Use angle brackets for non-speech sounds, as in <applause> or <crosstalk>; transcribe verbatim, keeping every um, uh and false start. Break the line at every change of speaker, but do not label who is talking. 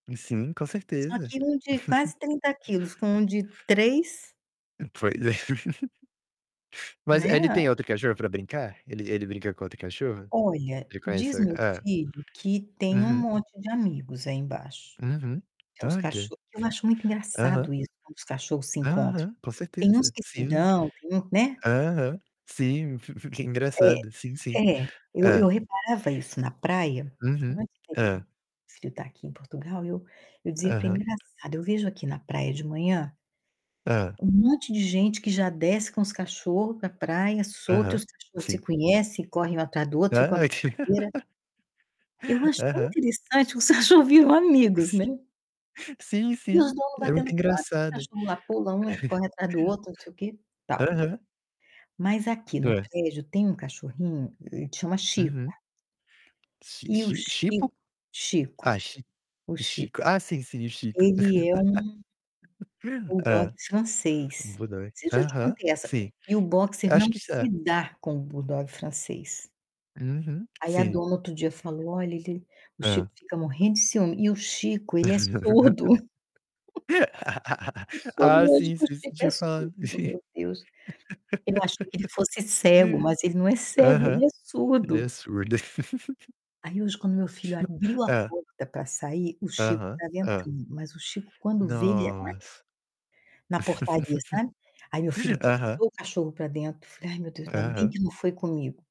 Sim, com certeza.
Aqui um de quase
<chuckles>
trinta quilos com um de três
Pois é. <chuckles> Mas
Né.
e ele tem outro cachorro pra brincar? Ele ele brinca com outro cachorro?
Olha, diz
Reconhecer
meu
é.
filho que tem um
Uhum.
monte de amigos aí embaixo,
Uhum.
que é os
Olha.
cachorros. Eu acho muito
Aham.
engraçado isso, quando os cachorros se encontram.
Aham. Com
Tem uns
certeza,
que se
sim.
dão, tem um né.
Aham. Sim, fi fica
É,
engraçado. Sim, sim.
é, eu
Hã.
eu reparava isso na praia
Uhum.
antes dele
Hã.
meu filho tá aqui em Portugal, eu eu dizia: "Que
Aham.
engraçado, eu vejo aqui na praia de manhã"
Hã.
"um monte de gente que já desce com os cachorros pra praia, solto e
Aham,
os cachorro se
sim.
conhecem, correm um atrás do outro fica uma
Ah, que
brincadeira" Eu
<laughs>
acho tão
Aham.
interessante que os cachorros viram amigos,
S
né.
sim,
E os
sim,
dono
é muito
batendo papo, os
engraçado.
cachorro lá pula, um
<chuckles>
corre atrás do outro, não sei o que, tal.
Aham.
Mas aqui no
Tô.
prédio tem um cachorrinho, ele chama Chico.
Uhum. Chi
E o
chi
chi
Chipo? Ah,
Chico, o
chi-Chico.
Chico
Ah, sim, sim, Chico.
ele é um
<laughs>
buldogue
Hã. Um
francês.
buldog.
Não sei se eu já te
Aham,
contei essa e
sim.
e o boxer não
Acho que isso é.
se dá com o buldogue francês.
Uhum,
Aí a
sim.
dona outro dia falou: "Olha, ele o
Hã.
Chico fica morrendo de ciúme". E o Chico, ele é surdo.
<laughs>
<chuckles> Eu soube
Ah,
hoje
sim,
que o
sim, você
Chico é
tinha falado
surdo,
sim.
meu Deus. Eu achei que ele fosse cego,
<laughs>
mas ele não é cego, ele
Aham.
é
Ele
surdo.
é surdo. <laughs>
Aí hoje quando meu filho abriu a
Hã.
porta pra sair, o Chico
Aham.
estava
Hã.
entrando. Mas o Chico quando vê ele en
Nossa.
Na portaria, sabe. Aí meu filho
<laughs> Aham.
puxou o cachorro pra dentro, falei: "Ai, meu Deus, ainda bem
Aham.
que não foi comigo".